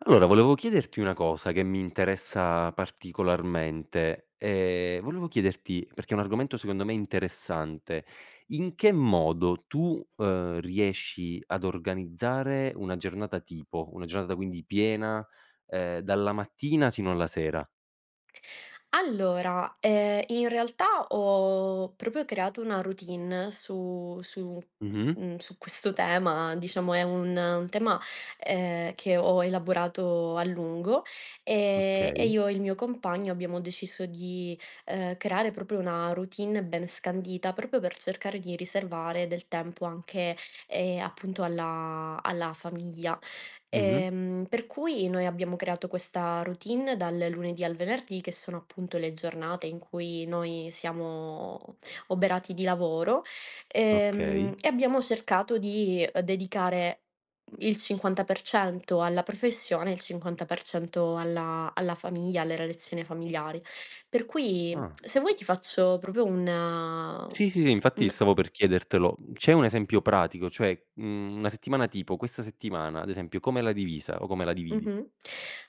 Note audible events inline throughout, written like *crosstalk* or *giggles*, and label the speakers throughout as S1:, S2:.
S1: Allora volevo chiederti una cosa, che mi interessa particolarmente. Ehm, volevo chiederti perché è un argomento secondo me interessante: in che modo tu, uhm, riesci ad organizzare una giornata tipo? Una giornata quindi piena, ehm, dalla mattina sino alla sera?
S2: Allora, ehm, in realtà ho proprio creato una routine su su,
S1: Mh-mh.
S2: mhmm, su questo tema, diciamo è un un tema, ehm, che ho elaborato a lungo, ehm, e
S1: Okay.
S2: io e il mio compagno abbiamo deciso di, ehm, creare proprio una routine ben scandita, proprio per cercare di riservare del tempo anche, ehm, appunto alla alla famiglia.
S1: Mh-mh.
S2: Ehm, per cui noi abbiamo creato questa routine dal lunedì al venerdì che sono, appunto, le giornate in cui noi siamo oberati di lavoro e, mhmm,
S1: Okay.
S2: e abbiamo cercato di, ehm, dedicare il 50% alla professione e il 50% alla alla famiglia, alle relazione familiare; per cui,
S1: Ah.
S2: se vuoi ti faccio proprio un mhmm,
S1: Sì, sì, sì infatti
S2: un
S1: stavo per chiedertelo. C'è un esempio pratico? Cioè, mhmm, una settimana tipo: questa settimana, ad esempio, come l'hai divisa o come la dividi?
S2: Mh-mh.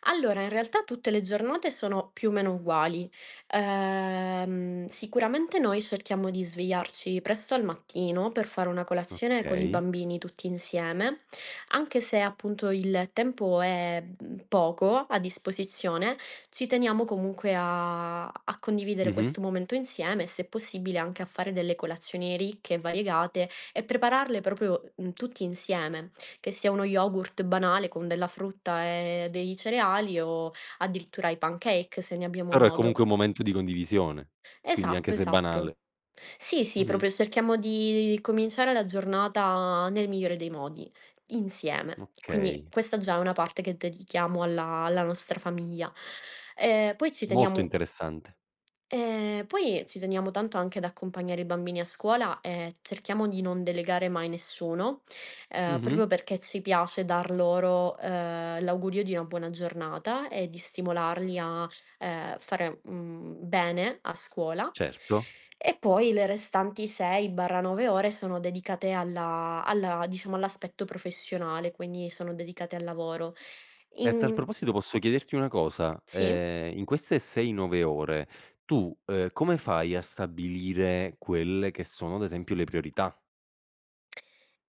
S2: Allora, in realtà tutte le giornate sono, più o meno, uguali. Ehm, sicuramente noi cerchiamo di svegliarci presto al mattino per fare una colazione con i
S1: Okay.
S2: bambini, tutti insieme; anche se, appunto, il tempo è poco a disposizione, ci teniamo, comunque, a a condividere
S1: Mh-mh.
S2: questo momento insieme, e se è possibile anche a fare delle colazioni ricche e variegate e prepararle proprio, mhmm, tutti insieme, che sia uno yogurt banale con della frutta e dei cereali, o addirittura i pancakes, se ne abbiamo
S1: Però è
S2: modo.
S1: comunque un momento di condivisione. Quindi, anche
S2: Esatto,
S1: se è
S2: esatto.
S1: banale.
S2: Sì, sì,
S1: Mh-mh.
S2: proprio cerchiamo di cominciare la giornata nel migliore dei modi, insieme. Quindi,
S1: Okay.
S2: questa già è una parte che dedichiamo alla alla nostra famiglia. Ehm, poi ci
S1: Molto
S2: teniamo
S1: interessante.
S2: ehm, poi ci teniamo tanto anche ad accompagnare i bambini a scuola, e cerchiamo di non delegare mai nessuno, ehm,
S1: Mh-mh.
S2: proprio perché ci piace dar loro, ehm, l'augurio di una buona giornata e di stimolarli a, ehm, fare, mhmm, bene a scuola;
S1: Certo.
S2: e poi le restanti 6/9 ore sono dedicate alla alla, diciamo, all'aspetto professionale, quindi sono dedicate al lavoro.
S1: E a tal
S2: In
S1: proposito, posso chiederti una cosa?
S2: Sì?
S1: Ehm, in queste 6, 9 ore, tu come fai a stabilire quelle che sono, ad esempio, le priorità?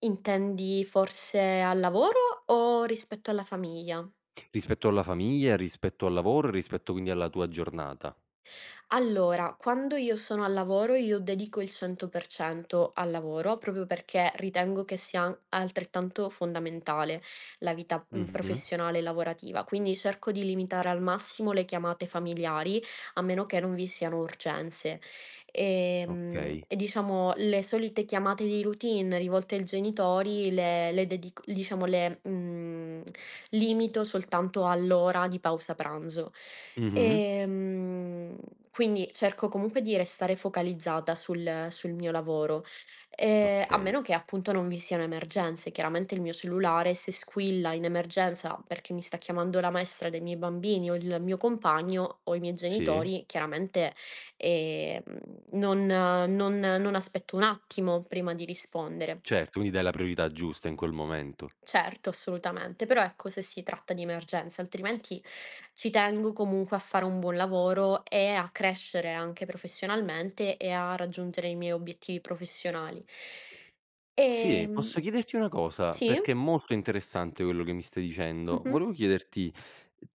S2: Intendi, forse, al lavoro? O rispetto alla famiglia?
S1: Rispetto alla famiglia, rispetto al lavoro, rispetto quindi alla tua giornata.
S2: Allora, quando io sono al lavoro io dedico il 100% al lavoro, proprio perché ritengo che sia an altrettanto fondamentale la vita, mhmm,
S1: Mh-mh.
S2: professionale e lavorativa. Quindi cerco di limitare al massimo le chiamate familiari, a meno che non vi siano urgenze. Ehm,
S1: Okay.
S2: e diciamo, le solite chiamate di routine rivolte al genitori le le dedic diciamo le, mhmm, limito soltanto all'ora di pausa pranzo.
S1: Mh-mh.
S2: Ehm, quindi cerco comunque di restare focalizzata sul sul mio lavoro, ehm, a
S1: Okay.
S2: meno che, appunto, non vi siano emergenze; chiaramente il mio cellulare se squilla in emergenza, perché mi sta chiamando la maestra dei miei bambini, o il mio compagno, o i miei
S1: Sì.
S2: genitori, chiaramente, ehm, non non non aspetto un attimo prima di rispondere.
S1: Certo, quindi dai la priorità giusta in quel momento.
S2: Certo, assolutamente. Però, ecco, se si tratta di emergenze; altrimenti ci tengo, comunque, a fare un buon lavoro e a crescere anche professionalmente e a raggiungere i miei obiettivi professionali.
S1: Sì.
S2: Ehm
S1: Posso chiederti una cosa?
S2: sì?
S1: Perché è molto interessante quello che mi stai dicendo.
S2: Mh-mh.
S1: Volevo chiederti: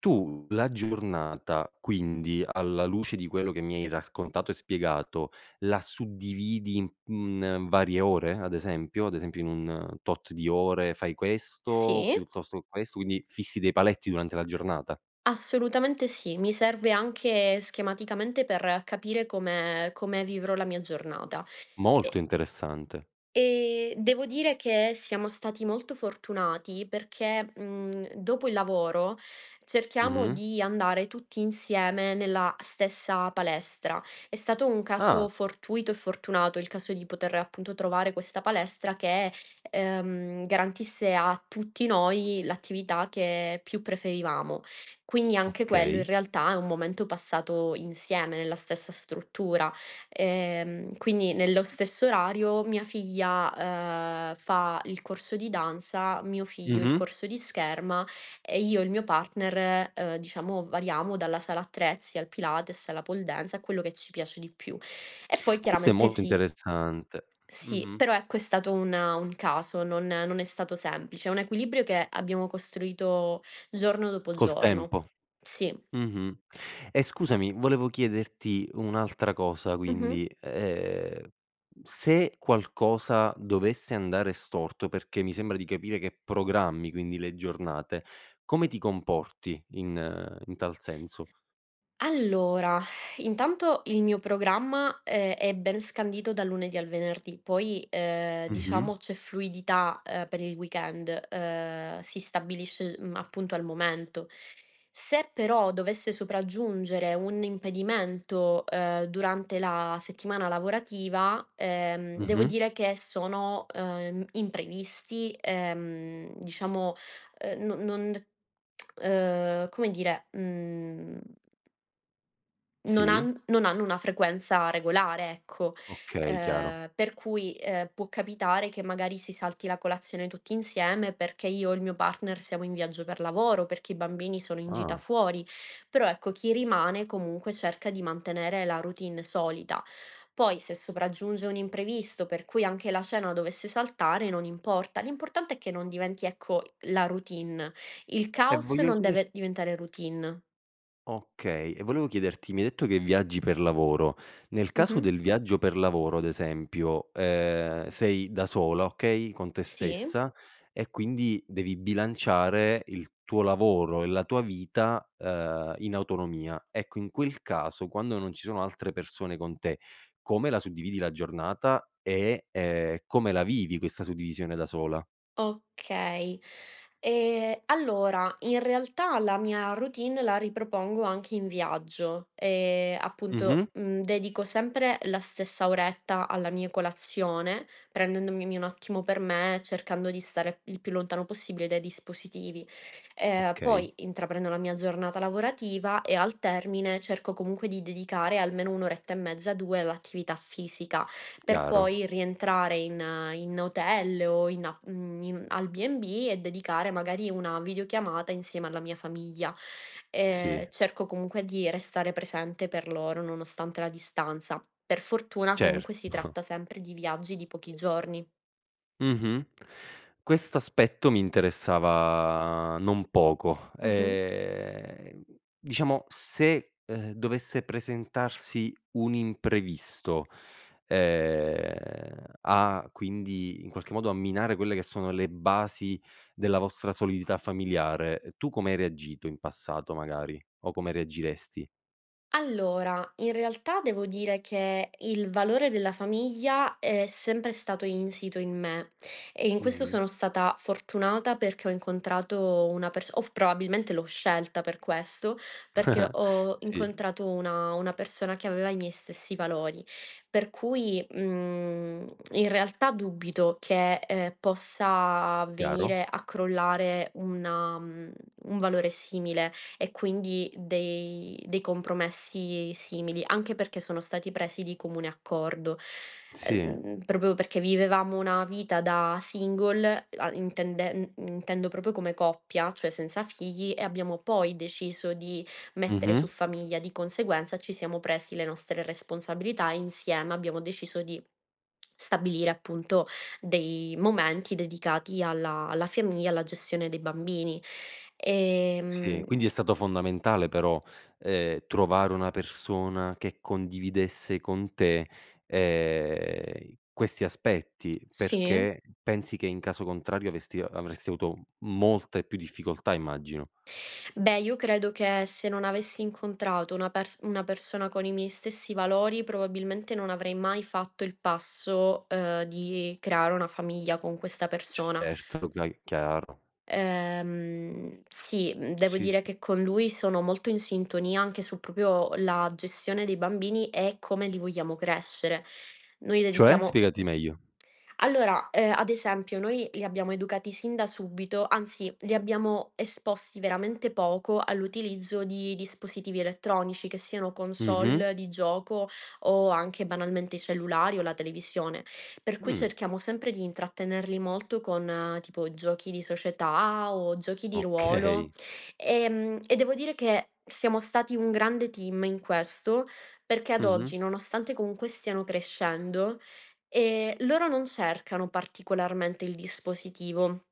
S1: tu la giornata, quindi, alla luce di quello che mi hai raccontato e spiegato, la suddividi, mhmm, in varie ore ad esempio? Ad esempio in un tot di ore fai questo,
S2: Sì.
S1: piuttosto che questo, quindi fissi dei paletti durante la giornata?
S2: Assolutamente sì. Mi serve anche schematicamente per capire come come vivrò la mia giornata.
S1: Molto
S2: E
S1: interessante.
S2: e devo dire che siamo stati molto fortunati perché, mhmm, dopo il lavoro cerchiamo
S1: Mh-mh.
S2: di andare tutti insieme nella stessa palestra. È stato un caso
S1: Ah.
S2: fortuito e fortunato il caso di poter, appunto, trovare questa palestra che, ehm, garantisse a tutti noi l'attività che più preferivamo. Quindi, anche quello in
S1: Okay.
S2: realtà è un momento passato insieme nella stessa struttura. Ehm, quindi nello stesso orario mia figlia, dhm, fa il corso di danza, mio figlio il
S1: Mh-mh.
S2: corso di scherma, e io e il mio partner, ehm, diciamo variamo dalla sala attrezzi al pilates, alla pole dance, a quello che ci piace di più. E poi
S1: Questo è
S2: chiaramente
S1: molto
S2: si
S1: interessante.
S2: Sì.
S1: Mh-mh.
S2: Però, ecco, è stato un un caso, non non è stato semplice; è un equilibrio che abbiamo costruito giorno dopo
S1: Col
S2: giorno.
S1: tempo.
S2: Sì.
S1: Mh-mh. E scusami volevo chiederti un'altra cosa;
S2: Mh-mh.
S1: quindi, ehm, se qualcosa dovesse andare storto, perché mi sembra di capire che programmi, quindi, le giornate, come ti comporti in in tal senso?
S2: Allora, *exhales* intanto il mio programma, ehm, è ben scandito dal lunedì al venerdì poi, ehm,
S1: Mh-mh.
S2: diciamo c'è fluidità, ehm, per il weekend, ehm, si stabilisce, mhmm, appunto al momento. Se però dovesse sopraggiungere un impedimento, ehm, durante la settimana lavorativa, ehm, devo
S1: Mh-mh.
S2: dire che sono, ehm, imprevisti, ehm, diciamo, ehm, no non ehm, come dire, mhmm non
S1: Sì.
S2: han non hanno una frequenza regolare, ecco.
S1: Okay, chiaro.
S2: Ehm, per cui, ehm, può capitare che magari si salti la colazione tutti insieme perché io o il mio partner siamo in viaggio per lavoro, o perché i bambini sono in gita
S1: Ah.
S2: fuori. Però, ecco, chi rimane, comunque, cerca di mantenere la routine solita. Poi, se sopraggiunge un imprevisto per cui anche la cena dovesse saltare non importa; l'importante è che non diventi, ecco, la routine. Il
S1: E
S2: caos
S1: voglio
S2: non
S1: chieder
S2: deve diventare routine.
S1: Okay, e volevo chiederti: mi hai detto che viaggi per lavoro, nel caso
S2: Mh-mh.
S1: del viaggio per lavoro, ad esempio, ehm, sei da sola, okay, con te
S2: Sì.
S1: stessa e quindi devi bilanciare il tuo lavoro e la tua vita, uhm, in autonomia. Ecco, in quel caso quando non ci sono altre persone con te, come la suddividi la giornata e, ehm, come la vivi questa suddivisione da sola?
S2: Okay. Ehm, allora in realtà la mia routine la ripropongo anche in viaggio. Ehm, appunto,
S1: Mh-mh.
S2: mhmm, dedico sempre la stessa oretta alla mia colazione, prendendomi un attimo per me, e cercando di stare il più lontano possibile dai dispositivi. Ehm,
S1: Okay.
S2: poi intraprendo la mia giornata lavorativa, e al termine cerco comunque di dedicare almeno 1 oretta e mezza, 2 all'attività fisica, per
S1: Chiaro.
S2: poi rientrare in in hotel, o in a mhmm, in al B&B e dedicare, magari, una videochiamata insieme alla mia famiglia. Ehm,
S1: Sì.
S2: cerco comunque di restare presente per loro nonostante la distanza. Per fortuna, comunque, si
S1: Certo.
S2: tratta sempre di viaggi di pochi giorni.
S1: Mh-mh. Questo aspetto mi interessava non poco.
S2: Mh-mh.
S1: Ehm, diciamo se, ehm, dovesse presentarsi un imprevisto, ehm, a quindi in qualche modo a minare quelle che sono le basi della vostra solidità familiare, tu come hai reagito in passato magari? O come reagiresti?
S2: Allora, in realtà devo dire che il valore della famiglia è sempre stato insito in me, e in questo
S1: Mh-mh.
S2: sono stata fortunata perché ho incontrato una perso o probabilmente l'ho scelta per questo, perché
S1: *chuckles*
S2: ho
S1: Sì.
S2: incontrato una una persona che aveva i miei stessi valori. Per cui, mhmm, in realtà dubito che, ehm, possa
S1: Chiaro.
S2: venire a crollare una, mhmm, un valore simile e quindi dei dei compromessi simili, anche perché sono stati presi di comune accordo,
S1: Sì.
S2: ehm, proprio perché vivevamo una vita da single e a intenden uhm, intendendo proprio come coppia, cioè senza figli e abbiamo poi deciso di mettere su
S1: Mh-mh.
S2: famiglia. Di conseguenza ci siamo presi le nostre responsabilità insieme, abbiamo deciso di *smacks lips* stabilire appunto dei momenti dedicati alla alla famiglia, alla gestione dei bambini.
S1: Sì.
S2: Ehm
S1: Quindi è stato fondamentale però, ehm, trovare una persona che condividesse con te, ehm, questi aspetti,
S2: Sì.
S1: perché pensi che in caso contrario avesti avresti avuto molte più difficoltà immagino.
S2: Beh, io credo che se non avessi incontrato una perso una persona con i miei stessi valori probabilmente non avrei mai fatto il passo, ehm, di creare una famiglia con questa persona.
S1: Certo. Okay, chiaro.
S2: Ehm, sì. Mhmm, devo
S1: Sì, sì.
S2: dire che con lui sono molto in sintonia, anche su proprio la gestione dei bambini e come li vogliamo crescere. Noi
S1: Cioè?
S2: dedichiamo
S1: Spiegati meglio.
S2: Allora, ehm, ad esempio noi li abbiamo educati sin da subito anzi li abbiamo esposti veramente poco all'utilizzo di dispositivi elettronici, che siano
S1: Mh-mh.
S2: console di gioco o anche banalmente cellulari o la televisione. Per cui
S1: Mh.
S2: cerchiamo sempre di intrattenerli molto con tipo giochi di società, o giochi di ruolo.
S1: Okay.
S2: Ehm, e devo dire che siamo stati un grande team in questo, perché ad
S1: Mh-mh.
S2: oggi, nonostante comunque stiano crescendo, ehm, loro non cercano particolarmente il dispositivo.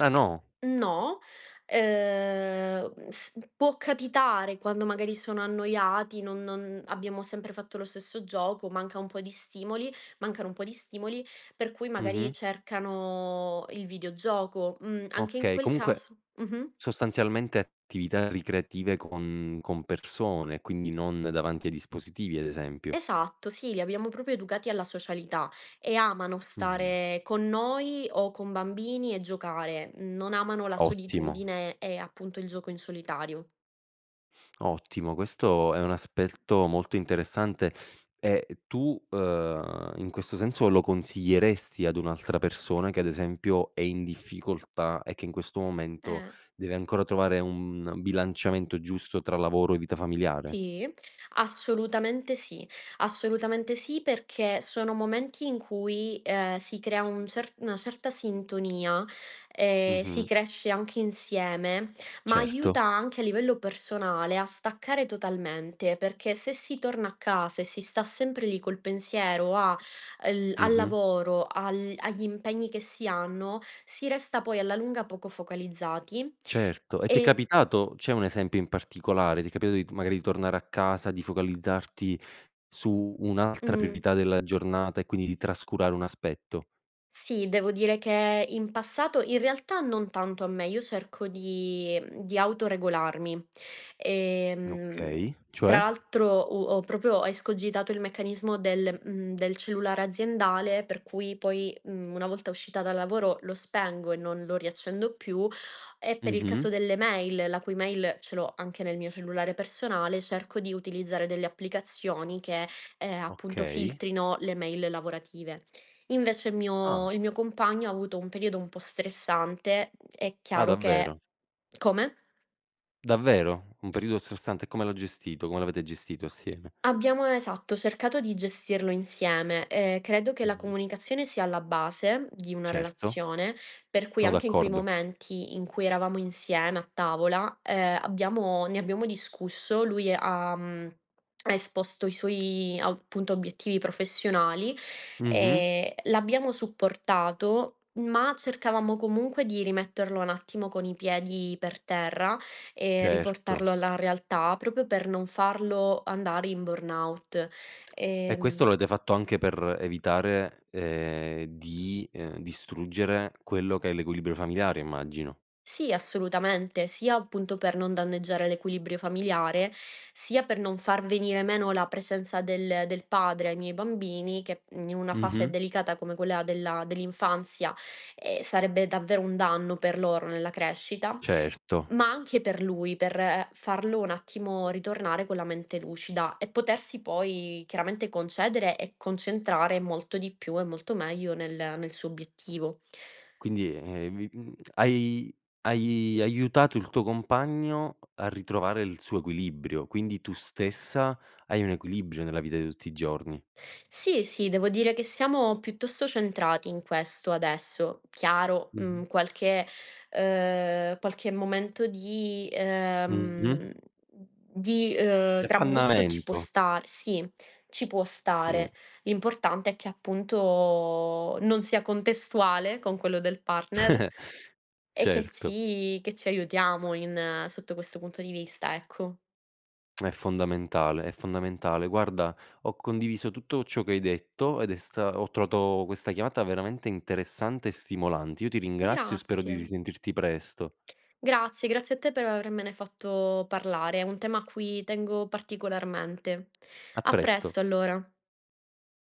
S1: Ah no?
S2: No. Ehm, uhm, s può capitare quando magari sono annoiati, non non abbiamo sempre fatto lo stesso gioco, manca un po' di stimoli mancano un po' di stimoli, per cui
S1: Mh-mh.
S2: magari cercano il videogioco. Mhmm, anche in
S1: Okay,
S2: quel
S1: comunque
S2: caso mh-mh.
S1: sostanzialmente attività ricreative, con con persone quindi non davanti ai dispositivi ad esempio.
S2: Esatto, sì. Li abbiamo proprio educati alla socialità, e amano
S1: Mh.
S2: stare con noi o con bambini, e giocare. Non amano la
S1: Ottimo.
S2: solitudine e appunto il gioco in solitario.
S1: *sniffs* Ottimo. Questo è un aspetto molto interessante; e e tu, ehm, in questo senso lo consiglieresti ad un'altra persona che ad esempio è in difficoltà e che in questo momento
S2: Eh.
S1: deve ancora trovare un un bilanciamento giusto tra lavoro e vita familiare?
S2: Sì. Assolutamente sì. Assolutamente sì, perché sono momenti in cui, ehm, si crea un cert una certa sintonia e si
S1: Mh-mh.
S2: cresce anche insieme, ma
S1: Certo.
S2: aiuta anche a livello personale, a staccare totalmente perché se si torna a casa e si sta sempre lì col pensiero, a al al
S1: Mh-mh.
S2: lavoro, al agli impegni che si hanno, si resta poi alla lunga poco focalizzati,
S1: Certo, e ti è
S2: e
S1: capitato? C'è un esempio in particolare? Ti è capitato di magari di tornare a casa, di focalizzarti su un'altra
S2: Mh.
S1: priorità della giornata, e quindi di trascurare un aspetto?
S2: Sì, devo dire che in passato in realtà non tanto a me, io cerco di, mhmm di autoregolarmi. Ehm,
S1: Okay,
S2: tra
S1: cioè?
S2: l'altro, uhm, ho proprio escogitato il meccanismo del, mhmm del cellulare aziendale per cui poi, mhmm, una volta uscita dal lavoro, lo spengo e non lo riaccendo più; e per il
S1: Mh-mh.
S2: caso delle mail, la cui mail ce l'ho anche nel mio cellulare personale, cerco di utilizzare delle applicazioni che, ehm, appunto
S1: Okay.
S2: filtrino le mail lavorative. Invece il
S1: Ah.
S2: mio il mio compagno, ha avuto un periodo un po' stressante; mhmm, è
S1: Ah
S2: chiaro che
S1: davvero?
S2: come?
S1: Davvero? Un periodo stressante, come l'ho gestito come l'avete gestito assieme?
S2: Abbiamo, esatto, cercato di gestirlo insieme. Ehm, credo che la
S1: Mh-mh.
S2: comunicazione sia alla base di una
S1: Certo.
S2: relazione, per cui
S1: Sono
S2: anche in quei
S1: d'accordo.
S2: momenti in cui eravamo insieme a tavola, ehm, abbiamo ne abbiamo discusso. Lui ha, mhmm, esposto i suoi appunto obiettivi professionali,
S1: Mh-mh.
S2: ehm, l'abbiamo supportato, ma cercavamo comunque di rimetterlo un attimo con i piedi per terra e
S1: Certo.
S2: riportarlo alla realtà proprio per non farlo andare in burnout.
S1: E questo
S2: Ehm
S1: lo avete fatto anche per evitare, ehm, di, ehm, distruggere quello che è l'equilibrio familiare immagino.
S2: Sì assolutamente, sia appunto per non danneggiare l'equilibrio familiare, sia per non far venire meno la presenza del del padre ai miei bambini che, mhmm, in una fase
S1: Mh-mh.
S2: delicata come quella della dell'infanzia, ehm, sarebbe davvero un danno per loro nella crescita;
S1: Certo.
S2: ma anche per lui, per farlo un attimo ritornare con la mente lucida e potersi poi chiaramente concedere e concentrare molto di più e molto meglio nel nel suo obiettivo.
S1: Quindi ,ehm, vi, uhm, hai hai aiutato il tuo compagno a ritrovare il suo equilibrio. Quindi tu stessa hai un equilibrio nella vita di tutti i giorni.
S2: Sì, sì, devo dire che siamo piuttosto centrati in questo adesso. Chiaro, mhmm,
S1: Mh-mh.
S2: qualche, ehm qualche momento di
S1: Mh-mh.
S2: ,ehm di,
S1: Di
S2: ehm, trambusto ci può
S1: appannamento.
S2: star sì, ci può
S1: Sì.
S2: stare. L'importante è che appunto non sia contestuale con quello del partner
S1: *giggles*
S2: e che
S1: Certo.
S2: ci che ci aiutiamo in sotto questo punto di vista, ecco.
S1: È fondamentale, è fondamentale. Guarda, ho condiviso tutto ciò che hai detto, ed è sta ho trovato questa chiamata veramente interessante e stimolante. Io ti ringrazio e spero di
S2: Grazie.
S1: risentirti presto.
S2: Grazie, grazie a te, per avermene fatto parlare. È un tema a cui tengo particolarmente.
S1: A
S2: A
S1: presto.
S2: presto allora.